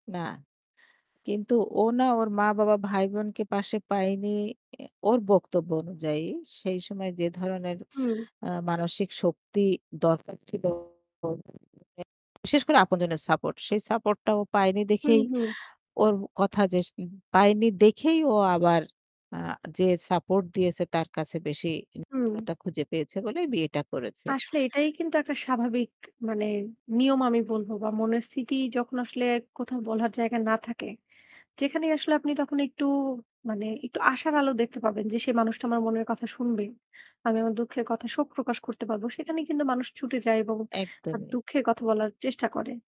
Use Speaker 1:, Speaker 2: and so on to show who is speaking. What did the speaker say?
Speaker 1: না। কিন্তু ও না ওর মা-বাবা, ভাই-বোনকে পাশে পায়নি। এ ওর বক্তব্য অনুযায়ী সেই সময় যে ধরনের
Speaker 2: হুম।
Speaker 1: আ মানসিক শক্তি দরকার ছিল [unintelligible] বিশেষ করে আপনজনের support, সেই support টা ও পায়নি
Speaker 2: হুম,
Speaker 1: দেখেই
Speaker 2: হুম।
Speaker 1: ওর কথা যে সে পায়নি দেখেই ও আবার আ যে support দিয়েছে তার কাছে বেশি
Speaker 2: হুম।
Speaker 1: নির্ভরতা খুঁজে পেয়েছে বলে বিয়েটা করেছে।
Speaker 2: আসলে এটাই কিন্তু একটা স্বাভাবিক মানে নিয়ম আমি বলবো বা মনের স্থিতি যখন আসলে কোথাও বলার জায়গা না থাকে, যেখানে আসলে আপনি তখন একটু মানে একটু আশার আলো দেখতে পাবেন যে সে মানুষটা আমার মনের কথা শুনবে, আমি আমার দুঃখের কথা শোক প্রকাশ করতে পারবো, সেখানেই কিন্তু মানুষ ছুটে যায় এবং তার
Speaker 1: একদমই।
Speaker 2: দুঃখের কথা বলার চেষ্টা করে।